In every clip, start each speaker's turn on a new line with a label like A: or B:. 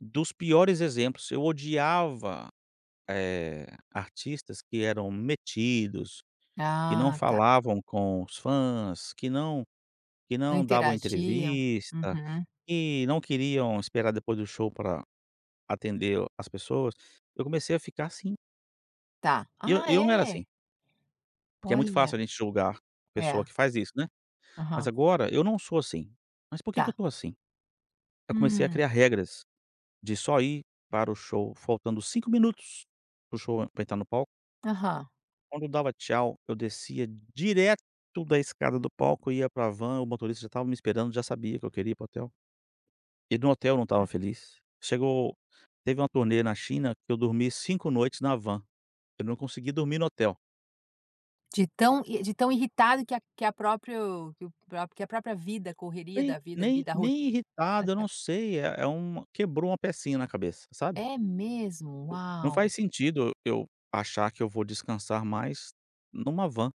A: Dos piores exemplos, eu odiava, eh, artistas que eram metidos, que não
B: Ah tá.
A: falavam com os fãs, que não que
B: Não
A: não davam
B: interagiam.
A: entrevista,
B: Uhum.
A: que não queriam esperar depois do show para atender as pessoas. Eu comecei a ficar assim.
B: Tá,
A: E eu
B: ah
A: e eu não era
B: é?
A: assim. Porque é muito
B: Olha.
A: fácil a gente julgar pessoa
B: É.
A: que faz isso, né. Mas
B: Aham.
A: agora eu não sou assim. Mas por que que eu
B: Tá.
A: estou assim? Aí comecei a
B: Hum.
A: criar regras, de só ir para o show faltando 5 minutos, para o show entrar no palco.
B: Aham.
A: Quando eu dava tchau, eu descia direto da escada do palco, ia para a van, o motorista já estava me esperando, já sabia que eu queria ir para o hotel. E no hotel não estava
B: Olha.
A: feliz. Chegou teve uma turnê na China que eu dormi 5 noites na van, eu não consegui dormir no hotel.
B: De tão e de tão irritado que a que a próprio que o que a própria vida, a correria
A: Nem
B: da vida ali
A: nem
B: da ro
A: nem irritado, eu não sei, é é um quebrou uma pecinha na cabeça, sabe.
B: É mesmo?
A: Não
B: Uau.
A: faz sentido, eu achar que eu vou descansar mais em uma van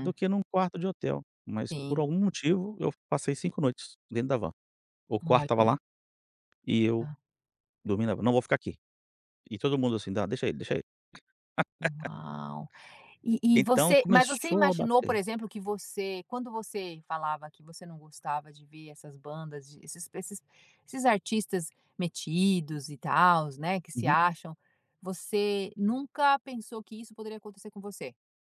A: do que em um quarto de hotel, mas por
B: Sim.
A: algum motivo eu passei 5 noites dentro da van. O quarto estava
B: Olha.
A: lá, e eu,
B: Tá.
A: dormindo na van, "Não vou ficar aqui". E todo mundo assim: "ah, deixa ele, deixa ele".
B: Uau. E e
A: Então
B: você, mas você
A: começou a
B: imaginou, por
A: bater
B: exemplo, que você quando você falava que você não gostava de ver essas bandas, desses esses esses artistas metidos e tals, né, que se
A: Uhum.
B: acham, você nunca pensou que isso poderia acontecer com você?